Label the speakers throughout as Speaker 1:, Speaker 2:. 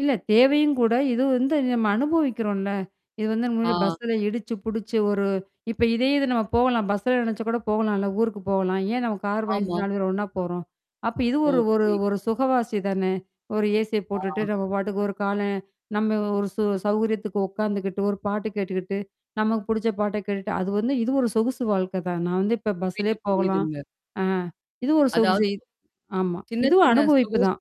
Speaker 1: இல்ல தேவையும் கூட. இது வந்து நம்ம அனுபவிக்கிறோம்ல. இது வந்து நம்மோட
Speaker 2: ஆ.
Speaker 1: பஸ்ல இடிச்சு, புடிச்சு ஒரு இப்ப இதே இது நம்ம போகலாம். பஸ்ல நெனச்ச கூட போகலாலம் ஊருக்கு போகலாம். ஏன் நம்ம கார் வாங்கிட்டு
Speaker 2: ஆமா.
Speaker 1: 4 பேர் ஒண்ணா போறோம். அப்ப இது
Speaker 2: ஓ!
Speaker 1: ஒரு ஒரு
Speaker 2: புரியுது.
Speaker 1: ஒரு சுகவாசி தானே. ஒரு ஏசி போட்டுட்டு
Speaker 2: ஆ.
Speaker 1: நம்ம பாட்டுக்கு ஒரு கால நம்ம ஒரு சு சௌகரியத்துக்கு உட்காந்துக்கிட்டு, ஒரு பாட்டு கேட்டுக்கிட்டு, நமக்கு புடிச்ச பாட்ட கேட்டுட்டு அது வந்து இது ஒரு சொகுசு வாழ்க்கை தான். நான் வந்து இப்ப பஸ்லயே
Speaker 2: புரியுது,
Speaker 1: போகலாம்.
Speaker 2: புரியுதுங்க.
Speaker 1: ஆ இது ஒரு
Speaker 2: அதாவது
Speaker 1: சொகுசு ஆமா.
Speaker 2: சின்ன
Speaker 1: இதுவும்
Speaker 2: சின்ன. சுக
Speaker 1: அனுபவிப்பு தான்.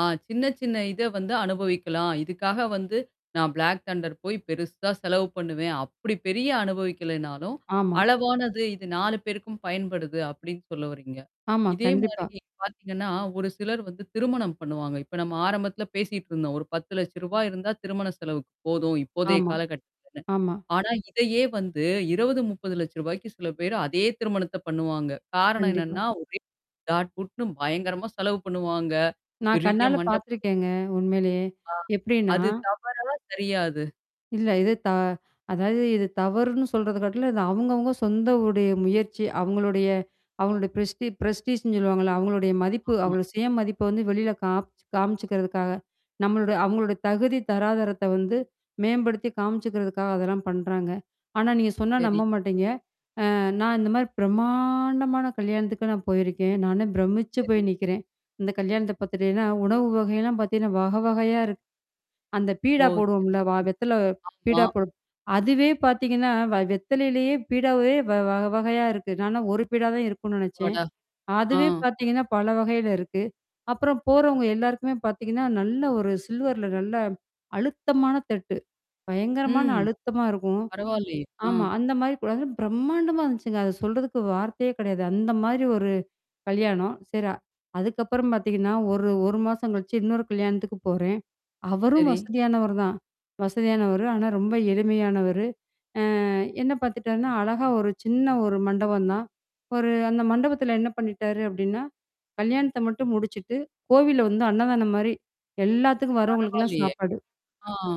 Speaker 2: ஆ சின்ன சின்ன இத வந்து அனுபவிக்கலாம். இதுக்காக வந்து நான் பிளாக் தண்டர் போய் பெருசா செலவு பண்ணுவேன். அப்படி பெரிய அனுபவிக்கலேன்னாலும்,
Speaker 1: ஆமா.
Speaker 2: அளவானது, இது 4 பேருக்கும் பயன்படுது அப்படின்னு சொல்ல வர்றீங்க?
Speaker 1: ஆமா,
Speaker 2: இதே மாரி
Speaker 1: கண்டிப்பா.
Speaker 2: பார்த்தீங்கன்னா, ஒரு சிலர் வந்து திருமணம் பண்ணுவாங்க. இப்ப நம்ம ஆரம்பத்தில பேசிட்டு இருந்தோம். ஒரு 10 லட்சம் ரூவா இருந்தா திருமண செலவுக்கு போதும். இப்போதைய
Speaker 1: ஆமா.
Speaker 2: காலகட்டத்துலன்னு.
Speaker 1: ஆமா.
Speaker 2: ஆனா இதையே வந்து 20, 30 லட்ச ரூவாய்க்கு சில பேர் அதே திருமணத்த பண்ணுவாங்க. காரணம்
Speaker 1: கண்டிப்பா.
Speaker 2: என்னன்னா ஒரே டாட் புட்ன்னு பயங்கரமா செலவு பண்ணுவாங்க.
Speaker 1: நான்
Speaker 2: பெரிய
Speaker 1: கண்ணால
Speaker 2: மண்டபம்.
Speaker 1: பார்த்துருக்கேங்க. உண்மையிலேயே.
Speaker 2: ஆ.
Speaker 1: எப்படின்னா?
Speaker 2: அது தவறா, சரியா அது?
Speaker 1: இல்ல. இது த அதாவது இது தவறுன்னு சொல்றது கட்டில இது அவுவங்கவங்க சொந்தவுடைய முயற்சி, அவங்களுடைய அவங்களுடைய பிரெஸ்டி பிரெஸ்டீஸ்ன்னு சொல்லுவாங்கல்ல. அவங்களுடைய மதிப்பு
Speaker 2: ஆமா.
Speaker 1: அவங்களோ சுய மதிப்ப வந்து வெளில காப் காமிச்சுக்கிறதுக்காக. நம்மளோட அவங்களுடைய தகுதி தராதாரத்த வந்து மேம்படுத்தி காமிச்சுக்கிறதுக்காக அதெல்லாம் பண்றாங்க. ஆனா நீங்க சொன்னா
Speaker 2: சரி.
Speaker 1: நம்ப மாட்டீங்க. அ நான் இந்த மாரி பிரமாண்டமான கல்யாணத்துக்கு நான் போயிருக்கேன். நானே பிரமிச்சு
Speaker 2: சரி.
Speaker 1: போய் நிக்கிறேன். இந்த கல்யாணத்த பார்த்துட்டீங்கன்னா, உணவு வகையல்லாம் பார்த்தீங்கன்னா வக வகையா இருக்கு. அந்த
Speaker 2: ஓ!
Speaker 1: பீடா
Speaker 2: சரி
Speaker 1: போடுவோம்ல வா
Speaker 2: சரி.
Speaker 1: வெத்தல
Speaker 2: ஆமா.
Speaker 1: பீடா போடு. அதுவே பார்த்தீங்கன்னா, வ வெத்தலையிலேயே பீடாவே வ வ வகையா இருக்கு. நானா ஒரு பீடா தான் இருக்கும்னு நெனச்சேன்.
Speaker 2: அப்பாடா! ஆ.
Speaker 1: அதுவே பார்த்தீங்கன்னா பல வகையில இருக்கு. அப்புறம் போறவங்க எல்லாருக்குமே பார்த்தீங்கன்னா, நல்ல ஒரு சில்வர்ல நல்லா அழுத்தமான தட்டு. பயங்கரமான
Speaker 2: ம்.
Speaker 1: அழுத்தமா இருக்கும்.
Speaker 2: பரவால்லயே. ஆ.
Speaker 1: ஆமா. அந்த மாரி கூட. அன பிரம்மாண்டமா இருந்துச்சுங்க. அத சொல்றதுக்கு வார்த்தையே கிடையாது. அந்த மாதிரி ஒரு கல்யாணம். சரி. அதுக்கப்புறம் பார்த்தீங்கன்னா, ஒரு ஒரு மாசம் கழிச்சு இன்னொரு கல்யாணத்துக்கு போறேன். அவரும்
Speaker 2: சரி.
Speaker 1: வசதியானவர் தான். வசதியானவரு. ஆனா ரொம்ப எளிமையானவரு. அ என்ன பார்த்தட்டான்னா அழகா ஒரு சின்ன ஒரு மண்டபம் தான். ஒரு அந்த மண்டபத்துல என்ன பண்ணிட்டாரு அப்படின்னா? கல்யாணத்த மட்டும் முடிச்சுட்டு கோவில்ல வந்து அன்னதானம் மாரி. எல்லாத்துக்கும் வர்றவங்களுக்கெல்லாம்
Speaker 2: பரவால்லையே.
Speaker 1: சாப்பாடு.
Speaker 2: ஆ.